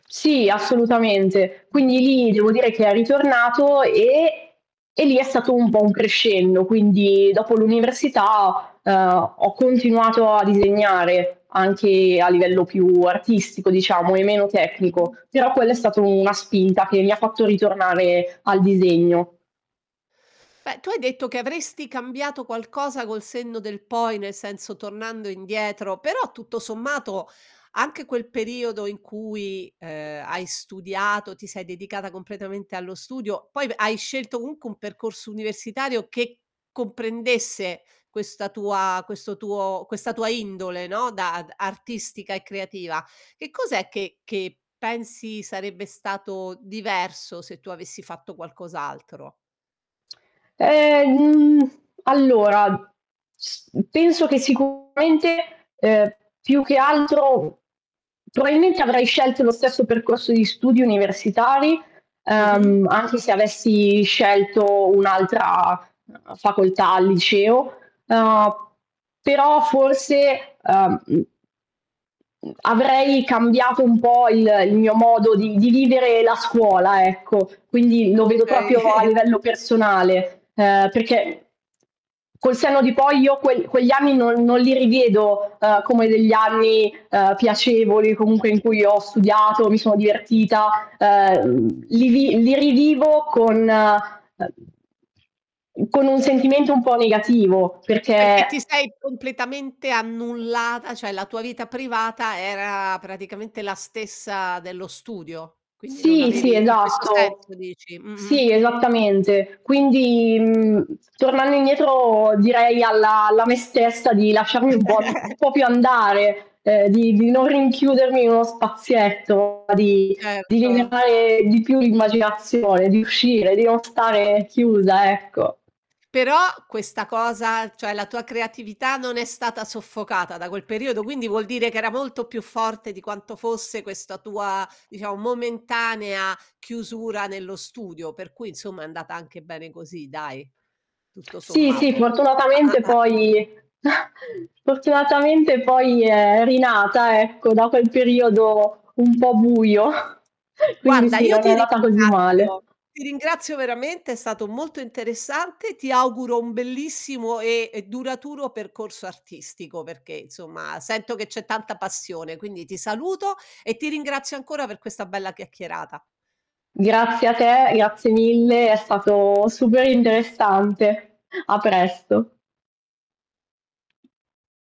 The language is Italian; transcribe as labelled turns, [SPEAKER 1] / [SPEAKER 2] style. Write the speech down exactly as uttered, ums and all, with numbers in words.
[SPEAKER 1] Sì, assolutamente. Quindi
[SPEAKER 2] Mh-mh.
[SPEAKER 1] lì devo dire che è ritornato e e lì è stato un po' un crescendo, quindi dopo l'università, uhm, ho continuato a disegnare anche a livello più artistico diciamo e meno tecnico,
[SPEAKER 2] Mh-mh.
[SPEAKER 1] però quello è stato una spinta che mi fatto ritornare al disegno.
[SPEAKER 2] Beh, tu hai detto che avresti cambiato qualcosa col senno del poi, nel senso tornando indietro, però tutto sommato anche quel periodo in cui, ehm, hai studiato, ti sei dedicata completamente allo studio, poi v hai scelto unche un percorso universitario che comprendesse questa tua questo tuo questa tua indole, no, da d artistica e creativa, che cos'è che che pensi sarebbe stato diverso se tu avessi fatto qualcos'altro?
[SPEAKER 1] Ehm, mhmm, allora, s penso che sicuramente, uhm, più che altro probabilmente avrei scelto lo stesso percorso di studi universitari,
[SPEAKER 2] Mh-mh.
[SPEAKER 1] uhm, anche se avessi scelto un'altra, uhm, facoltà al liceo, uhm, però forse, uhm, mhmm avrei cambiato un po' il il mio modo di di vivere la scuola, ecco. Quindi lo vedo
[SPEAKER 2] Okay.
[SPEAKER 1] propio a livello personale, uhm, perché col senno di poi io que quegli anni non non li rivedo, uhm, come degli anni, uhm, piacevoli comunque in cui ho studiato, mi sono divertita, uhm, li vi li rivivo con uhm con un sentimento un po' negativo,
[SPEAKER 2] Perché
[SPEAKER 1] perché
[SPEAKER 2] ti sei completamente annullata, ceh la tua vita privata era praticamente la stessa dello studio, quindi non
[SPEAKER 1] Sì, sì
[SPEAKER 2] avevi in questo
[SPEAKER 1] esatto.
[SPEAKER 2] senso dici? Mh-mh.
[SPEAKER 1] Sì esattamente. Quindi, mhmm, tornando indietro direi alla alla me stessa di lasciarmi un po' un po' più andare, ehm, di di non rinchiudermi in uno spazietto, di di
[SPEAKER 2] Certo.
[SPEAKER 1] liberare di più l'immaginazione, di uscire, di non stare chiusa, ecco.
[SPEAKER 2] Però questa cosa, ceh la tua creatività non è stata soffocata da quel periodo, quindi vuol dire che era molto più forte di quanto fosse questa tua, diciamo momentanea chiusura nello studio, per cui insomma è andata anche bene così dai, tutto
[SPEAKER 1] Sì, sì
[SPEAKER 2] sommato.
[SPEAKER 1] fortunatamente poi, fortunatamente poi è rinata, ecco, dopo il periodo un po' buio. Quindi
[SPEAKER 2] Guarda
[SPEAKER 1] sì,
[SPEAKER 2] io
[SPEAKER 1] non è
[SPEAKER 2] ti
[SPEAKER 1] andata così male.
[SPEAKER 2] ringrazio, ti ringrazio veramente, è stato molto interessante, ti auguro un bellissimo e e duraturo percorso artistico, perché insomma sento che c'è tanta passione, quindi ti saluto e ti ringrazio ancora per questa bella chiacchierata.
[SPEAKER 1] Grazie a te, grazie mille, è stato super interessante. A presto.